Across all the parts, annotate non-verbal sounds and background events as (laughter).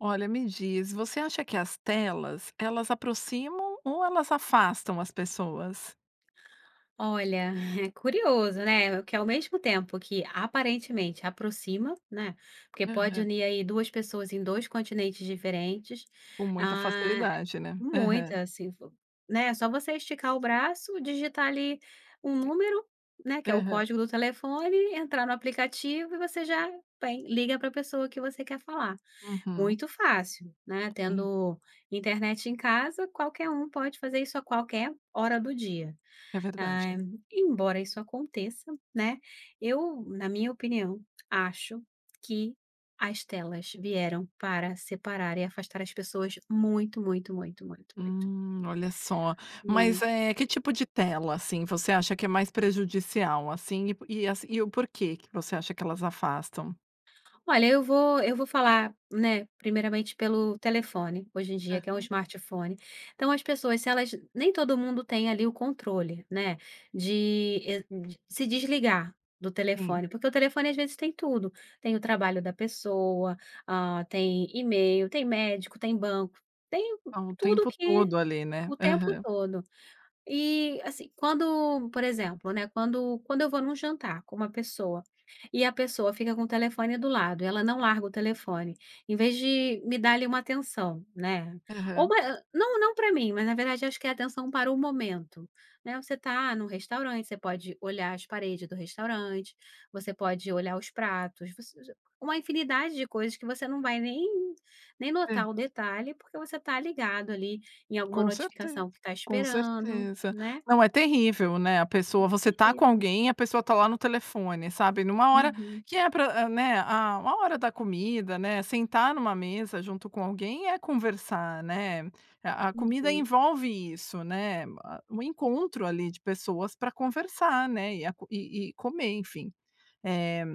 Olha me diz, você acha que as telas, elas aproximam ou elas afastam as pessoas? Olha, é curioso, né. Que ao mesmo tempo que aparentemente aproxima, né. Porque pode Aham. unir aí 2 pessoas em 2 continentes diferentes. Com muita Ah facilidade, né? Aham. muita sim flo né, só você esticar o braço, digitar ali um Sim. número, né, que é o Aham. código do telefone, entrar no aplicativo e você já vai liga pra pessoa que você quer falar. Uhum. Muito fácil, né, Sim. tendo internet em casa qualquer um pode fazer isso a qualquer hora do dia. É Ah, verdade. embora isso aconteça, né, eu na minha opinião acho que as telas vieram para separar e afastar as pessoas muito, muito, muito, muito, muito. Hmm olha só, mas Mui eh que tipo de tela, assim, você acha que é mais prejudicial, assim, e po e assim e o porquê que você acha que elas afastam? Olha, eu vou eu vou falar, né, primeiramente pelo telefone, hoje em dia que é um Aham. smartphone. Então as pessoas se elas nem todo mundo tem ali o controle, né, de, eh, se desligar do Sim. telefone, porque o telefone às vezes tem tudo. Tem o trabalho da pessoa, ah, tem email, tem médico, tem banco, tem Tá o tudo tempo que todo ali, né? o tempo Aham. todo. E assim quando por exemplo, né, quando quando eu vou num jantar com uma pessoa e a pessoa fica com o telefone do lado e ela não larga o telefone em vez de me dar ali uma atenção, né. Ou Aham. mai hã, não, não pra mim mas na verdade acho que é atenção para o momento, né. Você está num restaurante você pode olhar as paredes do restaurante você pode olhar os pratos, você já uma infinidade de coisas que você não vai nem nem Hã. notar o detalhe porque você está ligado ali em alguma Com certeza, notificação que está com esperando, certeza. né. Não é terrível, né, a pessoa Hum, você está com terrível. alguém e a pessoa está lá no telefone sabe numa hora Uhum. que é pra hã né, ah, a hora da comida, né, sentar numa mesa junto com alguém é conversar, né, a a comida Uhum. envolve isso, né. Ah o encontro ali de pessoas pra conversar, né. E a co e e comer, enfim. Eh,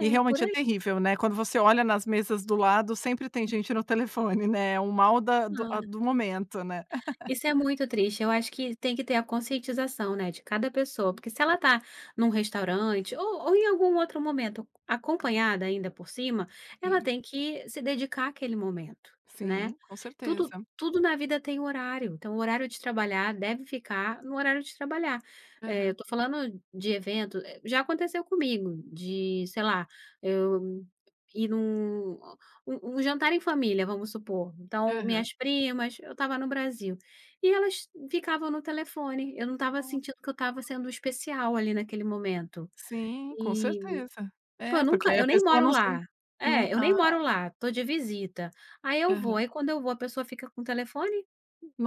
e por realmente é aí. terrível, né. Quando você olha nas mesas do lado sempre tem gente Uhum. no telefone, né. O mal da do a Ah. do momento, né. (laughs) Isso é muito triste, eu acho que tem que ter a conscientização, né, de cada pessoa, porque se ela está num restaurante ou ou em algum outro momento acompanhada ainda por cima, ela Sim. tem que se dedicar aquele momento, né. Sim, com Tudo certeza. tudo na vida tem horário, então o horário de trabalhar deve ficar no horário de trabalhar. Eh, eu Aham. estou falando de evento já aconteceu comigo, de sei lá, eu ir num u um jantar em família, vamos supor, então Aham. minhas primas, eu estava no Brasil e elas ficavam no telefone, eu não estava Ah, sentindo que eu estava sendo poxa. especial ali naquele momento Sim, com e certeza. tipo eu É, porque nunca aí a eu nem pessoa moro não se não lá. não É, eu nem ah moro lá, estou de visita. Aí eu vou, Aham. aí quando eu vou a pessoa fica com o telefone.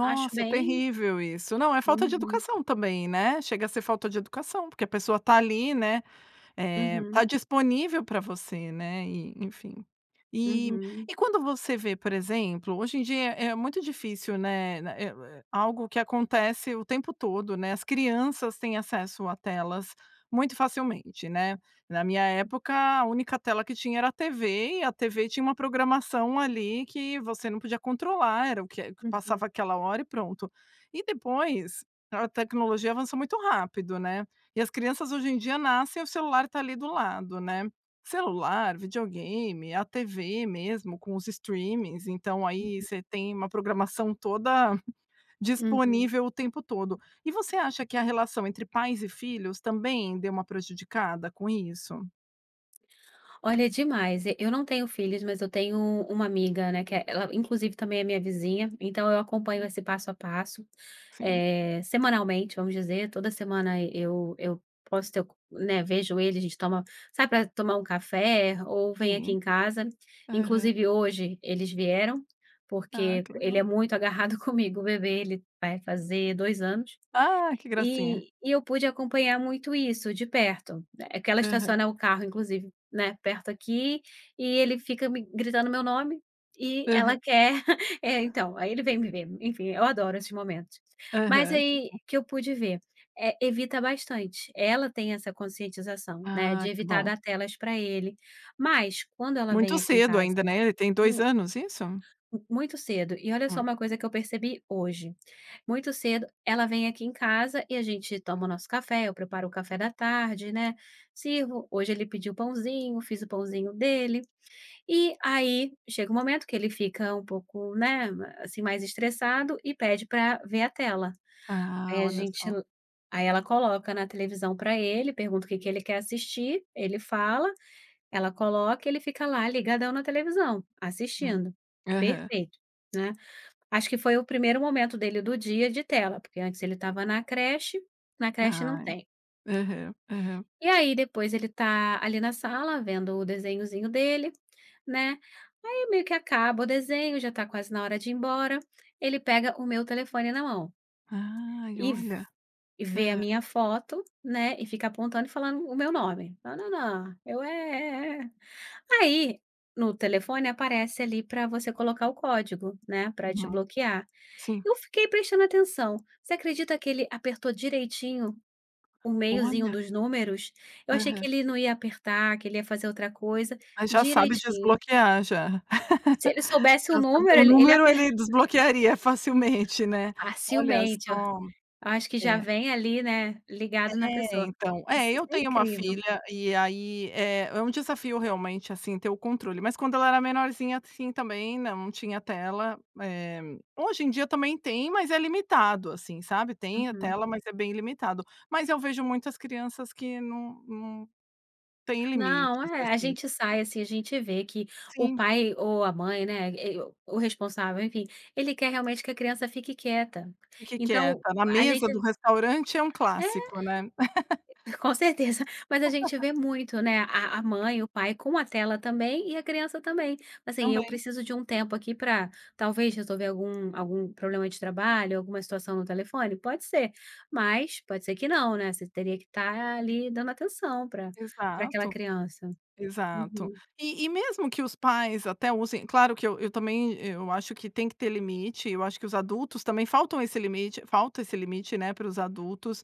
Acho bem terrível isso, não é falta de Uhum. educação também, né. Chega a ser falta de educação porque a pessoa está ali, né, eh está Uhum. disponível pra você, né, e enfim. E Uhum. e quando você vê por exemplo, hoje em dia é muito difícil, né. Eh né eh, algo que acontece o tempo todo, né. As crianças têm acesso a telas muito facilmente, né. Na minha época a única tela que tinha era a TV e a TV tinha uma programação ali que você não podia controlar, era o que é que passava Uhum. aquela hora e pronto. E depois a tecnologia avançou muito rápido, né. E as crianças hoje em dia nascem e o celular está ali do lado, né. Celular, videogame, a TV mesmo com os streamings, então aí Uhum. você tem uma programação toda Uhum. disponível o tempo todo. E você acha que a relação entre pais e filhos também deu uma prejudicada com isso? Olha, demais. E eu não tenho filhas, mas eu tenho u uma amiga, né, que é ela, inclusive, também é minha vizinha, então eu acompanho Hum. esse passo a passo, Sim. eh, semanalmente, vamos dizer, toda semana e eu eu posso ter o co né, vejo ele, a gente toma sai pra tomar um café ou vem aqui Sim. em casa. Aham. Inclusive, hoje eles vieram Ah, porque que ele legal. é muito agarrado comigo. O bebê, ele vai fazer 2 anos Ah, que gracinha. e e eu pude acompanhar muito isso, de perto. É é que ela Aham. estaciona o carro, inclusive, né, perto aqui e ele fica me gritando meu nome e ela Aham. quer (laughs) É, então, aí ele vem me ver, enfim, eu adoro esses momentos. Mas Aham, que aí bom. que eu pude ver. Eh, evita bastante. Ela tem essa conscientização, né, Ah, de que evitar bom. dar telas pra ele. Mas quando ela vem Muito aqui em cedo casa ainda, né. Ele tem dois Hum. anos, isso? M muito cedo. E olha só uma Muito. coisa que eu percebi hoje. Muito cedo, ela vem aqui em casa e a gente toma o nosso café, eu preparo o café da tarde, né, sirvo hoje ele pediu o pãozinho, fiz o pãozinho dele. E aí, chega o momento que ele fica um pouco, né, assim, mais estressado e pede pra ver a tela. Ah, Aí a olha gente só. la aí ela coloca na televisão pra ele, pergunta o que que ele quer assistir, ele fala, ela coloca, ele fica lá ligadão na televisão, Hum. assistindo, Aham. perfeito, né. Acho que foi o primeiro momento dele do dia de tela, porque antes ele estava na creche, na creche não Ai. tem. Aham, aham. E aí, depois, ele tá ali na sala vendo o desenhozinho dele, né, aí meio que acaba o desenho, já tá quase na hora de ir embora, ele pega o meu telefone na mão. Ai, E v olha. e vê a Hã. minha foto, né, e fica apontando e falando o meu nome: "Na na na". Eu: "É, é, é". Aí, no telefone, aparece, ali, pra você colocar o código, né, pra Uhum. desbloquear. Sim. Eu fiquei prestando atenção. Você acredita que ele apertou direitinho o meiozinho Olha. dos números? Eu achei que Aham. ele não ia apertar, que ele ia fazer outra coisa. Mas já sabe Direitinho. desbloquear, já. Se ele (laughs) soubesse o Já sabe número o ele ele número aper ele desbloquearia facilmente, né. Olha Facilmente, o só! Acho que já É. vem ali, né, ligado na É, pessoa. então. É, Is isso eu é tenho uma incrível. filha, e aí é é um desafio realmente, assim, ter o controle. Mas quando ela era menorzinha, assim, também, não, não tinha tela. Eh, hoje em dia também tem, mas é limitado, assim, sabe, tem a Uhum. tela, mas é bem limitado. Mas eu vejo muitas crianças que não não têm Não, limites, é. A assim. gente sai, assim, a gente vê que o Sim. pai ou a mãe, né, e o o responsável, enfim, ele quer realmente que a criança fique quieta. Fique Então, quieta. Na a mesa do gente restaurante é um É. clássico, né? (laughs) (chuckles) e com certeza. Mas a gente (laughs) vê muito, né, a a mãe, o pai com a tela também e a criança também. Assim: "Eu Também. preciso de um tempo aqui pra, talvez, resolver algum algum problema de trabalho, alguma situação no telefone"? Pode ser. Mas pode ser que não, né, você teria que estar ali dando atenção pra pra aquela Exato, criança. exato. Uhum. E e mesmo que os pais até usem claro que eu eu também eu acho que tem que ter limite, eu acho que os adultos também faltam esse limite faltam esse limite, né, para os adultos.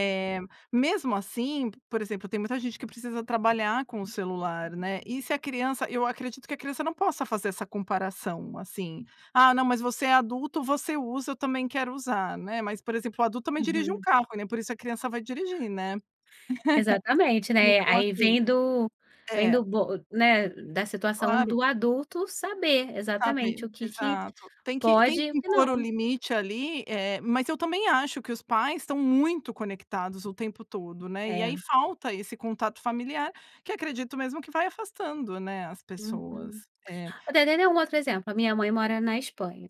Uhum. mesmo assim, p por exemplo, tem muita gente que precisa trabalhar com o celular, né, e se a criança eu acredito que a criança não possa fazer essa comparação, assim: "Ah, não, mas você é adulto, você usa, eu também quero usar", né. Mas, por exemplo, o adulto também dirige um Uhum. carro, e nem por isso a criança vai dirigir, né? Exatamente, (laughs) né. A Então, aí assim vem do vem do É. bo né, da situação Claro. do adulto saber Sabe exatamente o que que Exato. Tem que tem pode e o que que impor o não. limite ali, eh, mas eu também acho que os pais estão muito conectados o tempo todo, né. E aí É. falta esse contato familiar, que acredito mesmo que vai afastando, né, as pessoas. Uhum. É. O de dei um outro exemplo. A minha mãe mora na Espanha.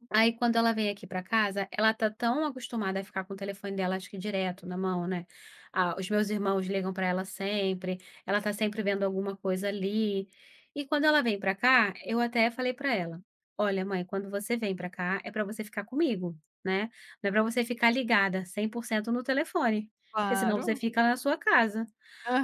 Uhum. Aí quando ela vem aqui pra casa, ela tá tão acostumada a ficar com o telefone dela, acho que direto na mão, né, ah, os meus irmãos ligam pra ela sempre, ela tá sempre vendo alguma coisa ali. E quando ela vem pra cá eu até falei pra ela: "Olha, mãe, quando você vem pra cá é pra você ficar comigo, né, não é pra você ficar ligada 100% no telefone, porque senão você Claro. fica na sua casa".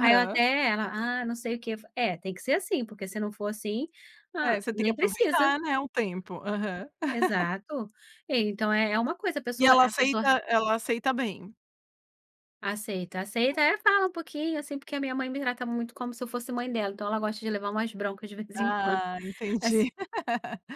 Aí ela até ela: "Ah, não sei o que". É, tem que ser assim, porque se não for assim, ah, É, você tem que nem precisa. aproveitar, né, o tempo. Aham. (laughs) Exato. E então, é é uma coisa a E pessoa ela a pessoa a aceita ela aceita bem? Aceita, aceita. É, (unintelligible) fala um pouquinho, assim, porque a minha mãe me trata muito como se eu fosse mãe dela. Então ela gosta de levar umas broncas, de vez em quando. Ah, Assim entendi.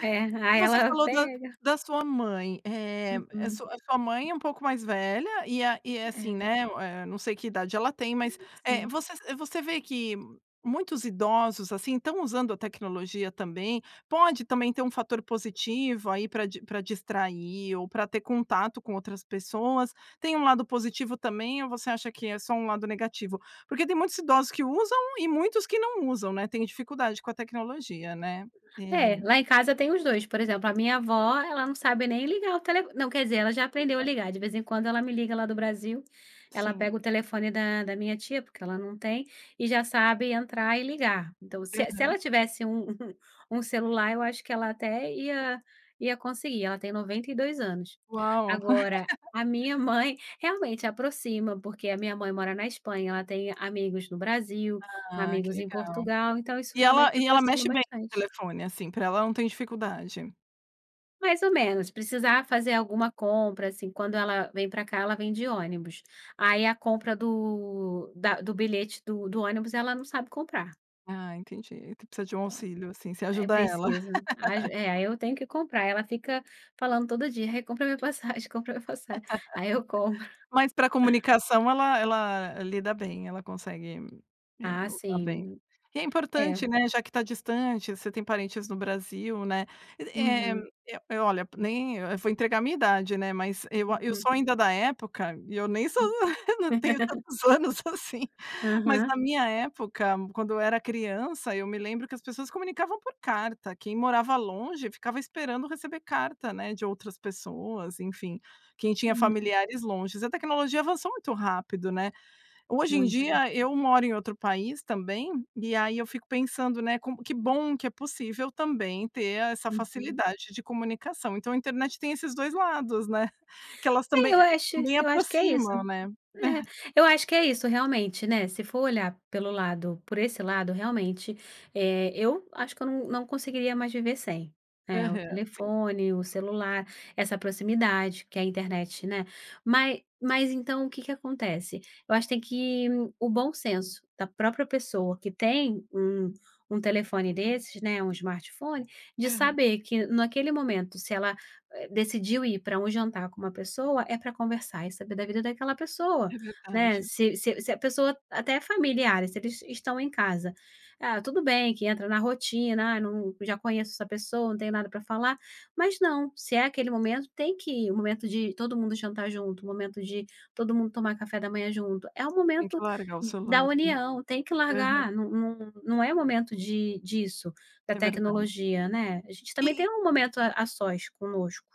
É, E aí você ela falou da pega da sua mãe. Eeh eh, a Uhum. su a sua mãe é um pouco mais velha e a e é assim, É. né, eh, não sei que idade ela tem, mas, eh, Sim. você sa você vê que muitos idosos, assim, estão usando a tecnologia, também? Pode também ter um fator positivo aí pra di pra distrair ou pra ter contato com outras pessoas. Tem um lado positivo também ou você acha que é só um lado negativo? Porque tem muitos idosos que usam e muitos que não usam, né, têm dificuldade com a tecnologia, né? É, Eh lá em casa tem os dois. Por exemplo, a minha avó ela não sabe nem ligar o tele não, quer dizer, ela já aprendeu a Exato. ligar, de vez em quando ela me liga, lá do Brasil. Ela Sim. pega o telefone da da minha tia, porque ela não tem, e já sabe entrar e ligar. Então, se e se Aham. ela tivesse um um celular eu acho que ela até ia ia conseguir. Ela tem 92 anos. Uau. Agora, (laughs) a minha mãe realmente aproxima, porque a minha mãe mora na Espanha, ela tem amigos no Brasil, Ah, que amigos em legal. Portugal, então, isso E ela realmente e ela aproxima mexe bem no bastante. telefone? Assim, pra ela não tem dificuldade? Mais ou menos, se precisar fazer alguma compra, assim. Quando ela vem pra cá, ela vem de ônibus, aí a compra do da do bilhete do do ônibus, ela não sabe comprar. Ah, entendi. Tu precisa de um Então, auxílio, assim. Você é ajuda ela. preciso. As (laughs) é, aí eu tenho que comprar. Ela fica falando todo dia: "Rê, compra a minha passagem, compra a minha passagem", aí eu compro. (laughs) (chuckles) Mas pra comunicação, ela ela lida bem, ela consegue, eh, Ah, usar bem. sim. E é É. importante, né, já que está distante, você tem parentes no Brasil, né, eh Uhum. eh eh, olha, nem vou entregar a minha idade, né, mas eu a eu Uhum. sou ainda da época e eu nem sou Hum. eu não tenho (laughs) tantos anos assim, mas Aham. na minha época, quando eu era criança, eu me lembro que as pessoas se comunicavam por carta. Quem morava longe, ficava esperando receber carta, né, de outras pessoas, enfim. Quem tinha Hum. familiares longes. A tecnologia avançou muito rápido, né. Hoje em Muito. dia eu moro em outro país também, e aí eu fico pensando, né, como que bom que é possível também ter essa Uhum. facilidade de comunicação. Então a internet tem esses 2 lados, né. (chuckles) Que elas É, também eu a acho também eu acho que é isso. aproximam, né. É, (chuckles) eu acho que é isso. Realmente, né, se for olhar pelo lado por esse lado, realmente, eh, eu acho que eu não não conseguiria mais viver sem, eh, o Aham, sim. telefone, o celular, essa proximidade que é a internet, né. Mas mas então, o que que acontece, eu acho que tem que o bom senso da própria pessoa que tem um um telefone desses, né, um Smartphone, de Aham. saber que, naquele momento, se ela, eh, decidiu ir pra um jantar com uma pessoa, é pra conversar e saber da vida daquela pessoa, É né. verdade. Se se se a pessoa até familiares, se eles estão em casa ah, tudo bem que entra na rotina, ah, eu não já conheço essa pessoa, não tenho nada pra falar, mas não, se é aquele momento, tem que o momento de todo mundo jantar junto, o momento de todo mundo tomar café da manhã junto, é um Tem que momento largar o d da celular, sim. união. Tem que Aham. largar, não não não é momento di disso, da É verdade. tecnologia, né. A gente E também tem e um momento a a sós, conosco.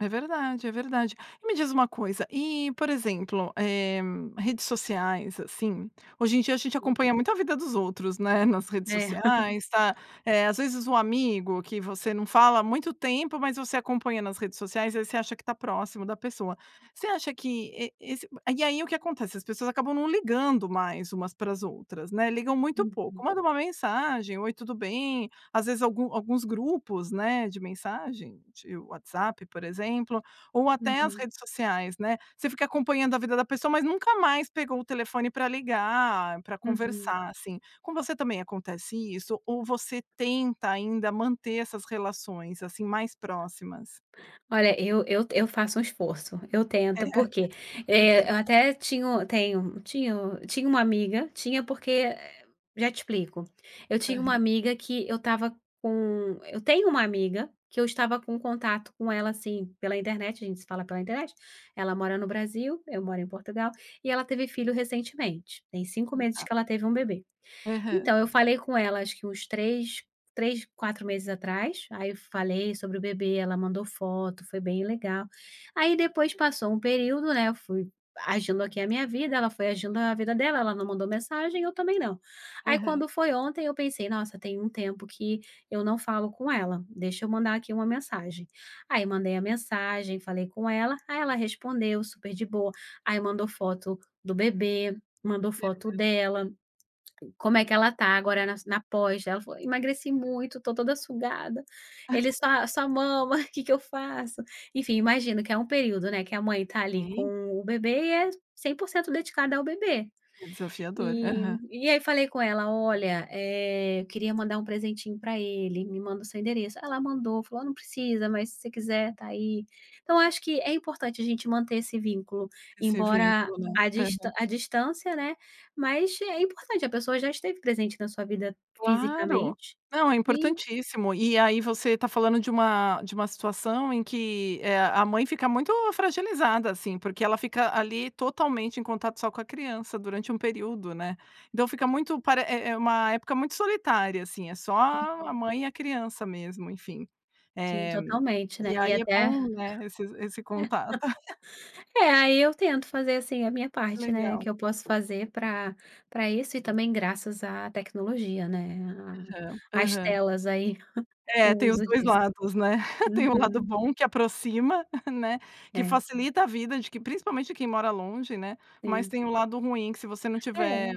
É verdade, é verdade. E me diz uma coisa e, por exemplo, eh, redes sociais, assim. Hoje em dia a gente acompanha muito a vida dos outros, né, nas redes É. (chuckles) sociais, tá eh, às vezes o amigo, que você não fala há muito tempo, mas você acompanha nas redes sociais, aí você acha que está próximo da pessoa. Você acha que e esse e aí, o que acontece, as pessoas acabam não ligando mais umas para as outras, né, ligam muito pouco. Uhum. Manda uma mensagem: "Oi, tudo bem?" Às vezes algum alguns grupos, né, de mensagem, de WhatsApp, por exemplo, ou até as Uhum. redes sociais, né. Você fica acompanhando a vida da pessoa, mas nunca mais pegou o telefone pra ligar, pra Uhum. conversar, assim. Com você também acontece isso? Ou você tenta ainda manter essas relações, assim, mais próximas? Olha, eu eu t eu faço um esforço. Eu É. tento, porque, Se tem eh, eu até tinha o tenho tinha tinha uma amiga, tinha porque, eh já te explico. Eu tinha uma Aham. amiga que eu estava com eu tenho uma amiga, que eu estava com contato com ela, assim, pela internet, a gente se fala pela internet. Ela mora no Brasil, eu moro em Portugal, e ela teve filho recentemente. Tem 5 Hum, meses tá. que ela teve um bebê. Aham. Então eu falei com ela acho que uns 3- 3, 4 meses atrás. Aí eu falei sobre o bebê, ela mandou foto, foi bem legal. Aí depois passou um período, né, eu fui agindo aqui a minha vida, ela foi agindo a vida dela, ela não mandou mensagem, eu também não. Aí Aham. quando foi ontem, eu pensei: "Nossa, tem um tempo que eu não falo com ela, deixa eu mandar aqui uma mensagem." Aí mandei a mensagem, falei com ela. Aí ela respondeu, super de boa. Aí mandou foto do bebê, mandou foto Aham. dela. Como é que ela está agora nas na pós dela, ela falou: "Emagreci muito, estou toda sugada. Ele (laughs) só só mama, (chuckles) que que eu faço?" Enfim, imagino que é um período, né, que a mãe está ali Sei. com o bebê, e é 100% dedicada ao bebê. É desafiador. Eh, Aham. e aí falei com ela: "Olha, eh, eu queria mandar um presentinho pra ele, me manda o seu endereço", ela mandou, falou: "Ó, não precisa, mas se você quiser, está aí." Então eu acho que é importante a gente manter esse vínculo. Esse Embora vínculo, né. a distan Aham. a distância, né, mas é importante, a pessoa já esteve presente na sua vida Claro. fisicamente, Não, é e importantíssimo. E aí você está falando de uma de uma situação em que, eh, a mãe fica muito fragilizada, assim, porque ela fica ali, totalmente em contato só com a criança durante um período, né. Então fica muito pare é é uma época muito solitária, assim, é só a a Uhum. mãe e a criança mesmo, enfim. Sim, Eh, totalmente, e né. E aí é até bom, né, esses esse (laughs) contato. (laughs) É, aí eu tento fazer, assim, a minha Que parte, né, legal. que eu posso fazer pra pra isso. E também, graças à tecnologia, né. Aham, A as aham. telas, aí. (chuckles) O É, tem os uso 2 disso. lados, né. (chuckles) Tem o lado Uhum. bom, que aproxima, né, que É. facilita a vida de que principalmente quem mora longe, né. Mas Sim. tem o lado ruim, que se você não tiver, É.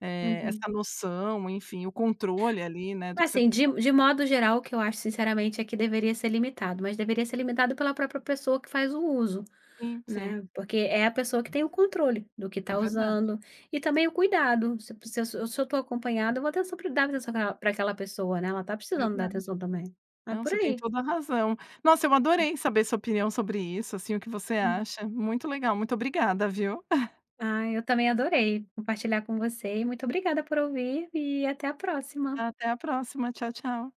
eh, Uhum. essa noção, enfim, o controle, ali, né, do que você Assim, de de (unintelligible) modo geral, o que eu acho sinceramente, é que deveria ser limitado, mas deveria ser limitado pela própria pessoa que faz o uso, Sim, sim. né. Porque é a pessoa que tem o controle do que É está verdade. usando. E também o cuidado, se p se eu se eu estou acompanhada, eu vou (unintelligible) pra aquela pessoa, né, ela está precisando dar Verdade. atenção também. É Não, por você tem aí. toda a razão. Nossa, eu adorei saber sua opinião sobre isso, assim, o que você Uhum. acha. Muito legal, muito obrigada, viu. (chuckles) Ah, eu também adorei compartilhar com você, e muito obrigada por ouvir, e até a próxima. Até a próxima. Tchau, tchau.